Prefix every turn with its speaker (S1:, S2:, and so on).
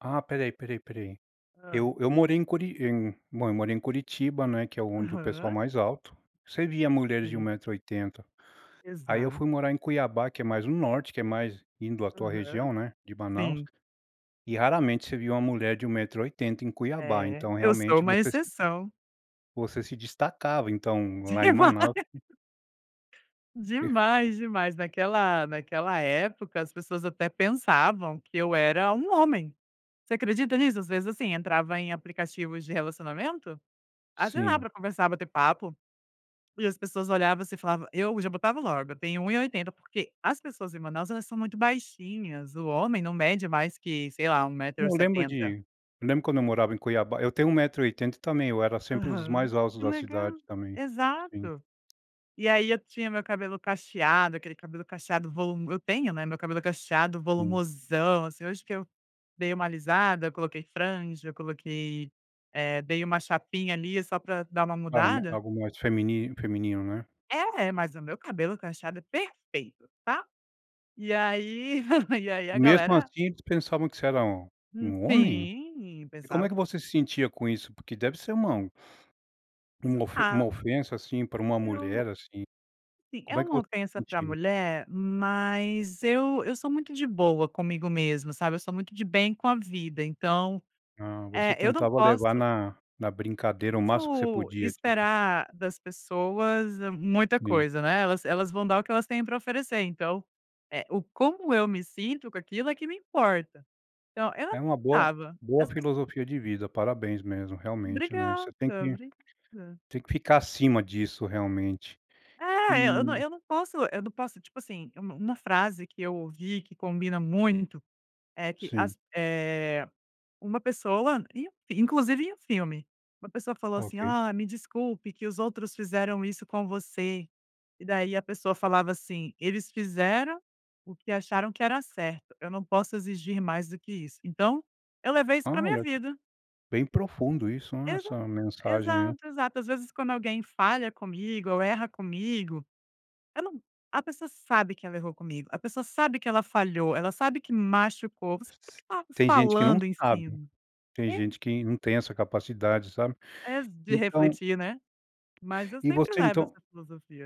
S1: Ah, espera aí, espera aí, espera aí.
S2: Hã.
S1: Eu eu morei em Curi em bom, eu morei em Curitiba, né, que é onde o pessoal
S2: Aham.
S1: mais alto, você via mulheres de 1
S2: Sim.
S1: metro 80. Aí eu
S2: Exato.
S1: fui morar em Cuiabá, que é mais no norte, que é mais indo à tua
S2: Aham.
S1: região, né, de Manaus,
S2: Sim.
S1: e raramente você via uma mulher de 1 metro e 80 em Cuiabá,
S2: É,
S1: então
S2: eu sou
S1: realmente
S2: uma
S1: você se
S2: exceção.
S1: você se destacava, então, lá em
S2: Demais.
S1: Manaus. Perfe
S2: Demais, demais. Naquela naquela época, as pessoas até pensavam que eu era um homem, você acredita nisso? Às vezes, assim, entrava em aplicativos de relacionamento, ah sei lá,
S1: Sim.
S2: para conversar, bater papo, e as pessoas olhavam assim, eu falava: "Eu", já botava logo, "eu tenho 1 e 80", porque as pessoas em Manaus, elas são muito baixinhas, o homem não mede mais que, sei lá, 1 metro e
S1: Eu lembro
S2: 70.
S1: de eu lembro quando eu morava em Cuiabá eu tenho 1 metro e 80 também, eu era sempre um dos
S2: Aham.
S1: mais altos
S2: Que
S1: da cidade,
S2: legal.
S1: também. Sim.
S2: Exato. E aí eu tinha o meu cabelo cacheado, aquele cabelo cacheado volu eu tenho, né, meu cabelo é cacheado,
S1: Sim.
S2: volumosão, assim, hoje que eu dei uma alisada, eu coloquei franja, eu coloquei, eh, dei uma chapinha, ali, só para dar uma
S1: Claro, ma
S2: mudada.
S1: algo mais femi feminino, né.
S2: É, é, mas o meu cabelo cacheado é perfeito, tá. E aí e aí
S1: E
S2: a
S1: mesmo
S2: galera
S1: assim eles pensavam que você era
S2: Hum,
S1: um homem?
S2: sim,
S1: E como é
S2: pensava
S1: que
S2: que
S1: você se sentia com isso? Porque deve ser uma uma ofe
S2: Ah
S1: ofensa assim, para uma
S2: Eu
S1: mulher, assim.
S2: Sim, é
S1: Como é que
S2: uma
S1: v
S2: ofensa para
S1: sentia?
S2: mulher, mas eu eu sou muito de boa comigo mesma, sabe, eu sou muito de bem com a vida, então,
S1: Ah, você
S2: eh, eu não
S1: tentava
S2: posso
S1: levar na na brincadeira
S2: não
S1: o máximo que você
S2: posso
S1: podia, tipo.
S2: esperar das pessoas muita
S1: Sim.
S2: coisa, né, elas elas vão dar o que elas têm para oferecer, então, eh, o como eu me sinto com aquilo, é que me importa. Então eu
S1: É uma boa
S2: [unintelligible]
S1: boa
S2: as pes
S1: filosofia de vida, parabéns mesmo, realmente, né,
S2: Obrigada,
S1: você tem que
S2: obrigada.
S1: tem que ficar acima disso, realmente.
S2: É, eu eu não
S1: E
S2: eu não posso eu não posso, tipo assim, u uma frase que eu ouvi, que combina muito, é que
S1: Sim.
S2: as eh, uma pessoa e inclusive em um filme, uma pessoa falou assim:
S1: Ok.
S2: "Ah, me desculpe que os outros fizeram isso com você". E daí a pessoa falava assim: "Eles fizeram o que acharam que era certo, eu não posso exigir mais do que isso". Então, eu levei isso
S1: Ah,
S2: para minha
S1: olha.
S2: vida.
S1: Bem profundo isso, ah,
S2: Exa
S1: essa mensagem aí.
S2: exato, exato. Às vezes quando alguém falha comigo ou erra comigo, eu não a pessoa sabe que ela errou comigo, a pessoa sabe que ela falhou, ela sabe que machucou, você [unintelligible]
S1: Tem gente que não
S2: falando em
S1: sabe.
S2: cima.
S1: Tem
S2: É.
S1: gente que não tem essa capacidade, sabe.
S2: Ex de
S1: Então
S2: refletir, né. Mas eu
S1: E
S2: sempre
S1: você
S2: levo
S1: então
S2: essa filosofia.